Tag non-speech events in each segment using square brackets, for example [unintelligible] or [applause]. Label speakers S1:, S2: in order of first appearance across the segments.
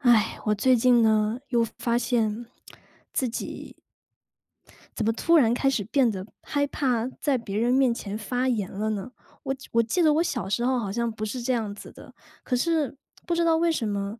S1: 唉，我最近呢，又发现自己怎么突然开始变得害怕在别人面前发言了呢？我记我记得我小时候好像不是这样子的。可是，不知道为什么，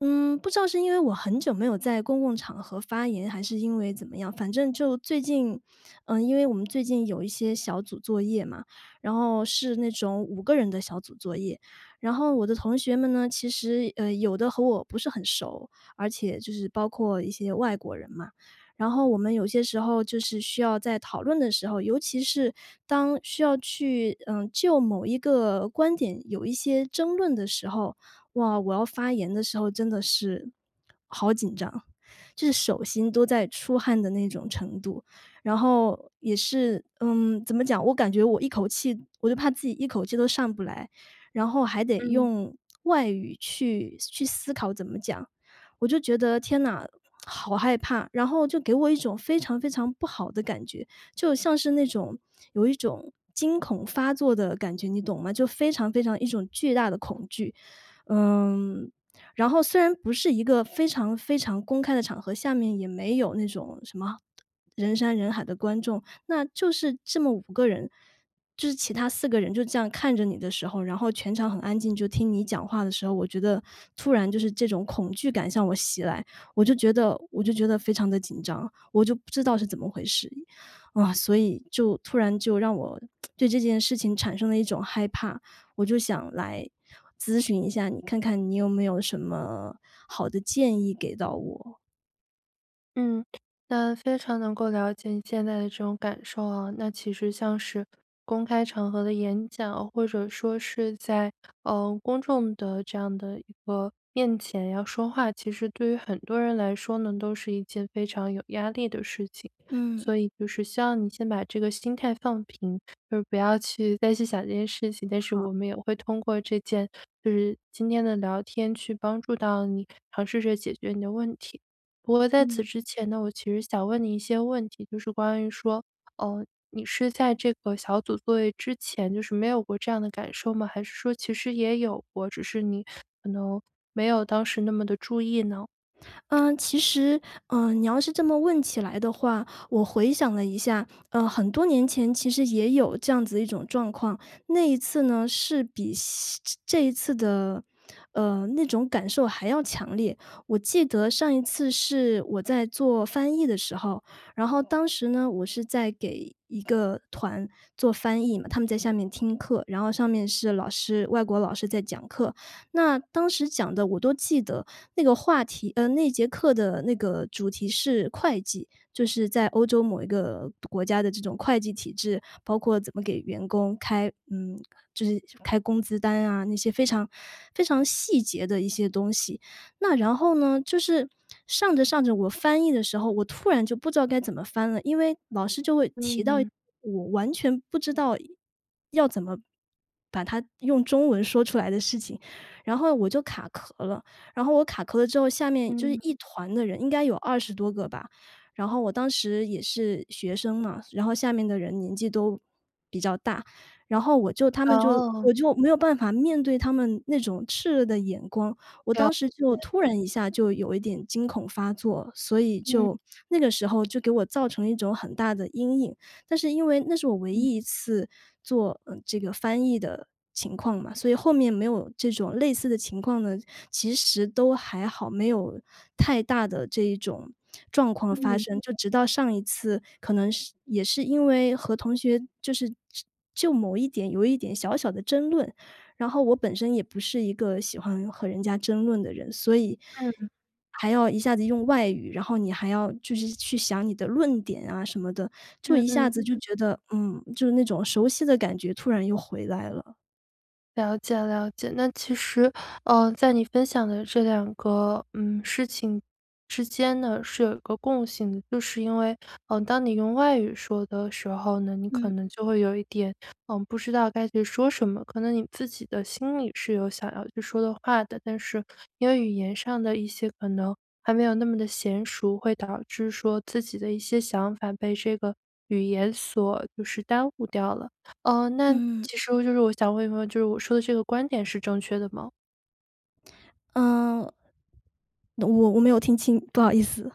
S1: 嗯，不知道是因为我很久没有在公共场合发言，还是因为怎么样。反正就最近呃，因为我们最近有一些小组作业嘛，然后是那种5个人的小组作业。然后我的同学们呢，其实，呃，有的和我不是很熟，而且就是包括一些外国人嘛。然后我们有些时候就是需要在讨论的时候，尤其是，当需要去，嗯，就某一个观点有一些争论的时候，哇，我要发言的时候真的是，好紧张，就是手心都在出汗的那种程度。然后也是，嗯，怎么讲我感觉我一口气我就怕自己一口气都上不来，然后还得
S2: 嗯。
S1: 用外语去思去思考怎么讲。我就觉得：“天呐，好害怕！”然后就给我一种非常非常不好的感觉，就像是那种有一种惊恐发作的感觉，你懂吗？就非常非常一种巨大的恐惧。嗯，然后虽然不是一个非常非常公开的场合，下面也没有那种什么 [smacks lips] 人山人海的观众，那就是这么5个人，就是其他4个人就这样看着你的时候，然后全场很安静，就听你讲话的时候，我觉得，突然就是这种恐惧感向我袭来，我就觉得我就觉得非常地紧张，我就不知道是怎么回事。啊，所以就突然就让我 [smacks lips] 对这件事情产生了一种害怕。我就想来咨询一下你，看看你有没有什么好的建议给到我？
S2: 嗯，那非常能够了解你现在的这种感受啊。那其实像是公开场合的演讲，或者说是在，呃，公众的这样的一个面前要说话，其实对于很多人来说呢，都是一件非常有压力的事情。
S1: 嗯。
S2: 所以就是希望你先把这个心态放平，而不要去再去想这件事情。但是
S1: 好。
S2: 我们也会通过这件就是今天的聊天去帮助到你尝试着解决你的问题。不过在此
S1: 嗯。
S2: 之前呢，我其实想问你一些问题，就是关于说，呃，你是在这个小组作业之前就是没有过这样的感受吗？还是说其实也有过，只是你可能没有当时那么地注意呢？
S1: 嗯，其实，嗯，你要是这么问起来的话，我回想了一下，呃，很多年前其实也有这样子的一种状况。那一次呢，是比西这这一次的，呃，那种感受还要强烈。我记得上一次是我在做翻译的时候，然后当时呢，我是在给一个团做翻译嘛，他们在下面听课，然后上面是老师，外国老师在讲课。那当时讲的我都记得，那个话题呃，那节课的那个主题是会计。就是在欧洲某一个独国家的这种会计体制，包括怎么给员工开嗯，就是开工资单啊，那些非常非常细节的一些东西。那然后呢，就是上着上着，我翻译的时候，我突然就不知道该怎么翻了。因为老师就会提到
S2: 嗯。
S1: 我完全不知道要怎么把它用中文说出来的事情，然后我就卡壳了。然后我卡壳了之后，下面就是
S2: 嗯。
S1: 一团的人，应该有20多个吧，然后我当时也是学生嘛，所然后下面的人年纪都比较大。然后我就他们就
S2: 哦。
S1: 我就没有办法面对他们那种炽热的眼光。我
S2: 对啊，
S1: 当时就
S2: 对。
S1: 突然一下有一点惊恐发作，所以
S2: 嗯。
S1: 就那个时候就给我造成了一种很大的阴影。但是因为那是我唯
S2: 嗯。
S1: 一一次做，呃，这个翻译的情况嘛，所以后面没有这种类似的情况呢，其实都还好，没有太大的这一种状况发
S2: 嗯。
S1: 生。就直到上一次，可能是也是因为和同学就是就就某一点有一点小小的争论，然后我本身也不是一个喜欢和人家争论的人，所以
S2: 嗯。
S1: 还要一下子用外语，然后你还要就是去想你的论点啊什么的，就
S2: 嗯
S1: 一下
S2: 嗯
S1: 子就
S2: 嗯。
S1: 觉得，嗯，就是那种熟悉的感觉突然又回来了。
S2: 了解了解。那其实，呃，在你分享的这2个，嗯，事情之间呢，是有一个共性的。就是因为，呃，当你用外语说的时候呢，你可
S1: 嗯。
S2: 能就会有一点呃不知道该去说什么。可能你自己的心里，是有想要去说的话的。但是因为语言上的一些可能还没有那么地娴熟，会导致说自己的一些想法被这个语言所就是耽误掉了。呃，那
S1: 嗯。
S2: 其实就是我想问一问，就是我说的这个观点是正确的吗？
S1: 呃。我我没有听清，不好意思。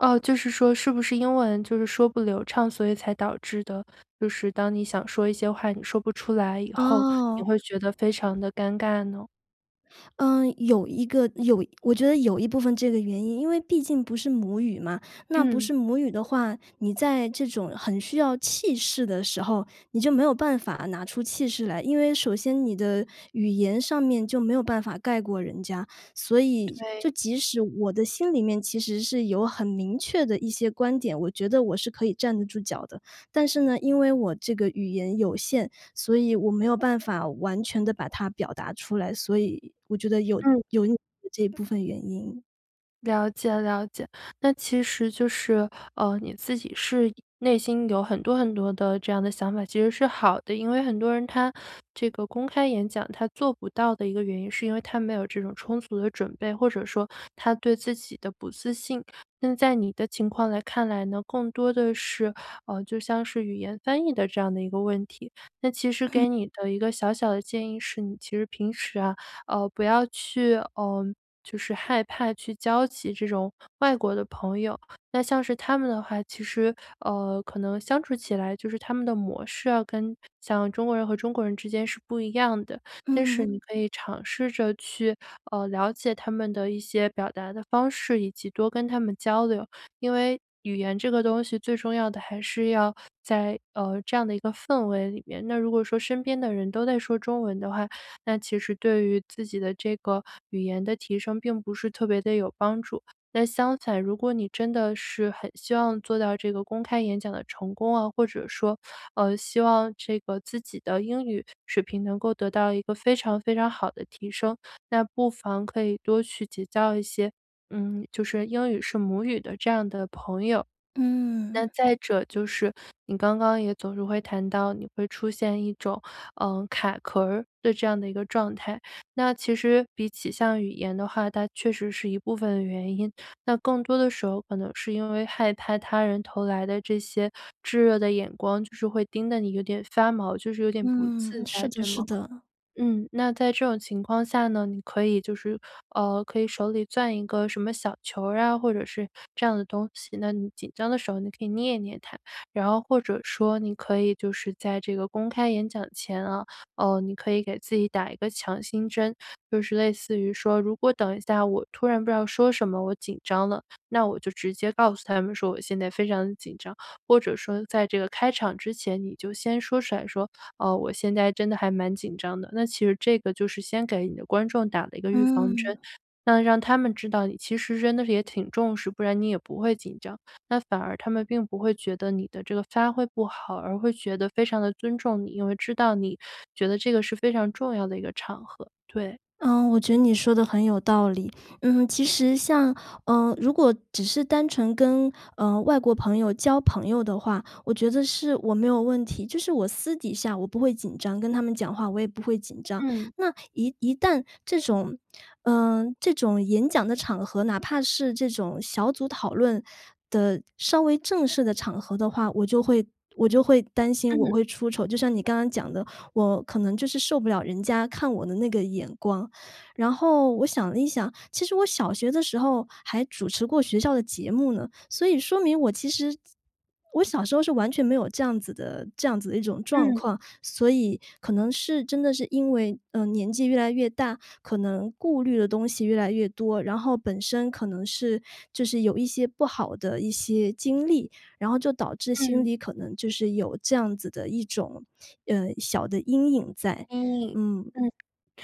S2: 哦，就是说是不是英文就是说不流畅，所以才导致的，就是当你想说一些话你说不出来以后，你
S1: 哦。
S2: 会觉得非常地尴尬呢？
S1: 呃，有一个，有我觉得有一部分这个原因。因为毕竟不是母语嘛，那不
S2: 嗯。
S1: 是母语的话，你在这种很需要气势的时候，你就没有办法拿出气势来。因为首先你的语言上面就没有办法盖过人家。所以，就
S2: 对。
S1: 即使我的心里面其实是有很明确的一些观点，我觉得我是可以站得住脚的。但是呢，因为我这个语言有限，所以我没有办法完全地把它表达出来，所以我觉得有
S2: 嗯。
S1: 有你 [unintelligible] 的这部分原因。
S2: 了解了解，那其实就是，呃，你自己是一内心有很多很多的这样的想法，其实是好的。因为很多人他这个公开演讲，他做不到的一个原因是因为，他没有这种充足的准备。或者说，他对自己的不自信。那在你的情况来看来呢，更多的是，呃，就像是语言翻译的这样的一个问题。那其实
S1: 嗯。
S2: 给你的一个小小的建议是，你其实平时啊，呃，不要去呃，就是害怕去交集这种，外国的朋友。那像是他们的话，其实，呃，可能相处起来就是他们的模式啊，跟像中国人和中国人之间是不一样的。但是
S1: 嗯。
S2: 你可以尝试着去，呃，了解他们的一些表达的方式，以及多跟他们交流。因为，语言这个东西最重要的还是要在，呃，这样的一个氛围里面。那如果说身边的人都在说中文的话，那其实对于自己的这个语言的提升并不是特别地有帮助。但相反，如果你真的是很希望做到这个公开演讲的成功啊，或者说，呃，希望这个自己的英语水平能够得到一个非常非常好地提升，那不妨可以多去结交一些，嗯，就是英语是母语的这样的朋友。那
S1: 嗯。
S2: 再者就是，你刚刚也总是会谈到你会出现一种，呃，卡壳儿，的这样的一个状态。那其实，比起像语言的话，它确实是一部分原因。那更多的时候可能是因为害怕他人投来的这些，炙热的眼光，就是会盯得你有点发毛，就是有点不自
S1: 嗯，是
S2: 在，
S1: 的
S2: 对吗？
S1: 是的。
S2: 嗯，那在这种情况下呢，你可以就是呃，可以手里攥一个什么小球儿啊，或者是这样的东西，那你紧张的时候你可以捏一捏它。然后或者说你可以就是在这个公开演讲前啊，呃，你可以给自己打一个强心针，就是类似于说：“如果等一下我突然不知道说什么我紧张了，那我就直接告诉他们说，我现在非常紧张。“或者说在这个开场之前，你就先说出来，说：“哦，我现在真的还蛮紧张的。“那其实这个就是先给你的观众打了一个预防针，
S1: 嗯。
S2: 那让他们知道你其实真的也挺重视，不然你也不会紧张。那反而他们并不会觉得你的这个发挥不好，而会觉得非常地尊重你，因为知道你，觉得这个是非常重要的一个场合，对。
S1: 呃，我觉得你说得很有道理。嗯，其实像，呃，如果只是单纯跟，呃，外国朋友交朋友的话，我觉得是我没有问题。就是我私底下，我不会紧张，跟他们讲话，我也不会紧张。
S2: 嗯。
S1: 那一一旦这种呃，这种演讲的场合，哪怕是这种小组讨论，的稍微正式的场合的话，我就会我就会担心我
S2: 嗯。
S1: 会出丑。就像你刚刚讲的，我可能就是受不了人家看我的那个眼光。然后我想了一想，其实我小学的时候，还主持过学校的节目呢。所以说明我其实我小时候是完全没有这样子的这样子的一种状
S2: 嗯。
S1: 况。所以，可能是真的是因为，呃，年纪越来越大，可能顾虑的东西越来越多。然后本身可能是，就是有一些不好的一些经历，然后就导致心
S2: 嗯。
S1: 里可能就是，有这样子的一种，呃，小的阴影在。
S2: 嗯，
S1: 嗯，
S2: 嗯，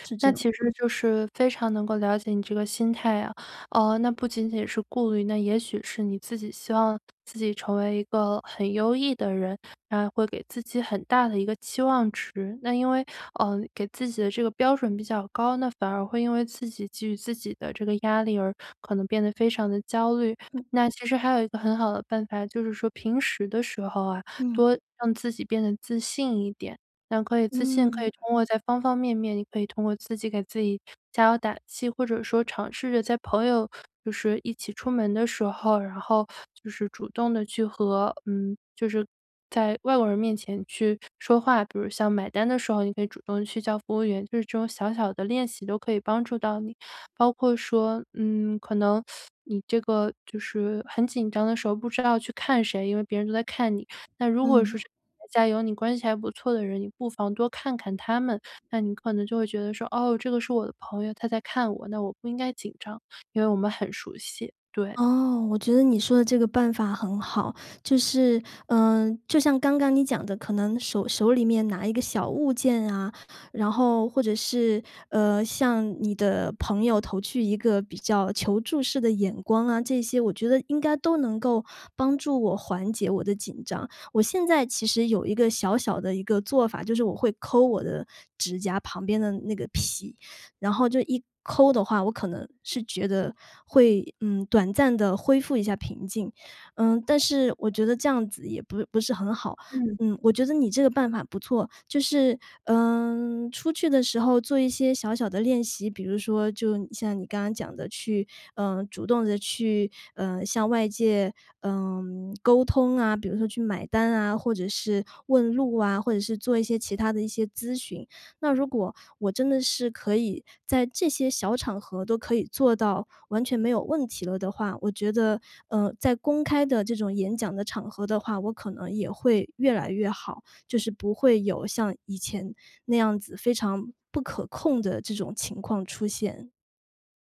S1: 是
S2: 那
S1: 这样。
S2: 其实就是非常能够了解你这个心态啊。呃，那不仅仅是顾虑，那也许是你自己希望，自己成为一个很优异的人，然后会给自己很大的一个期望值。那因为，呃，给自己的这个标准比较高，那反而会因为自己给予自己的这个压力，而可能变得非常地焦虑。
S1: 嗯。
S2: 那其实还有一个很好的办法，就是说平时的时候啊，
S1: 嗯。
S2: 多让自己变得自信一点。那可以自信，可以
S1: 嗯。
S2: 通过在方方面面，你可以通过自己给自己加油打气。或者说尝试着在朋友，就是一起出门的时候，然后就是主动地去和嗯，就是在外国人面前去说话，比如像买单的时候你可以主动去叫服务员，就是这种小小的练习都可以帮助到你。包括说，嗯，可能，[sucks teeth] 你这个就是很紧张的时候，不知道去看谁，因为别人都在看你。那如果
S1: 嗯。
S2: 说是台下有你关系还不错的人，你不妨多看看他们。那你可能就会觉得说：“哦，这个是我的朋友，他在看我，那我不应该紧张，因为我们很熟悉。“对。
S1: 哦，我觉得你说的这个办法很好。就是呃，就像刚刚你讲的，可能手手里面拿一个小物件啊，然后，或者是，呃，向你的朋友投去一个比较求助式的眼光啊这些，我觉得应该都能够，帮助我缓解我的紧张。我现在其实有一个小小的一个做法，就是我会抠我的指甲旁边的那个皮，然后就一抠的话，我可能是觉得，会，嗯，短暂地恢复一下平静。呃，但是我觉得这样子也不不是很好，
S2: 嗯。
S1: 嗯，我觉得你这个办法不错。就是，呃，出去的时候做一些小小的练习，比如说就像你刚刚讲的去，呃，主动地去，呃，向外界，呃，沟通啊，比如说去买单啊，或者是问路啊，或者是做一些其他的一些咨询。那如果，我真的是可以，在这些小场合都可以做到，完全没有问题了的话，我觉得，呃，在公开的这种演讲的场合的话，我可能也会越来越好。就是不会有像以前，那样子，非常不可控的这种情况出现。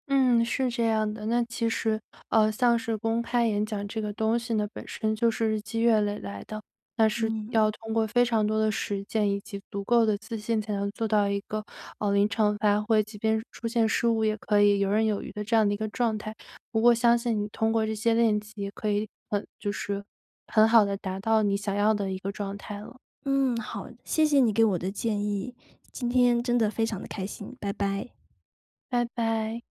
S2: 嗯，是这样的。那其实，呃，像是公开演讲这个东西呢，本身就是日积月累来的。那是
S1: 嗯。
S2: 要通过非常多的实践以及足够的自信才能做到一个，呃，临场发挥，即便出现失误，也可以游刃有余的这样的一个状态。不过相信你通过这些练习，可以很就是，很好地达到你想要的一个状态了。
S1: 嗯，好，谢谢你给我的建议，今天真的非常地开心，拜拜。
S2: 拜拜。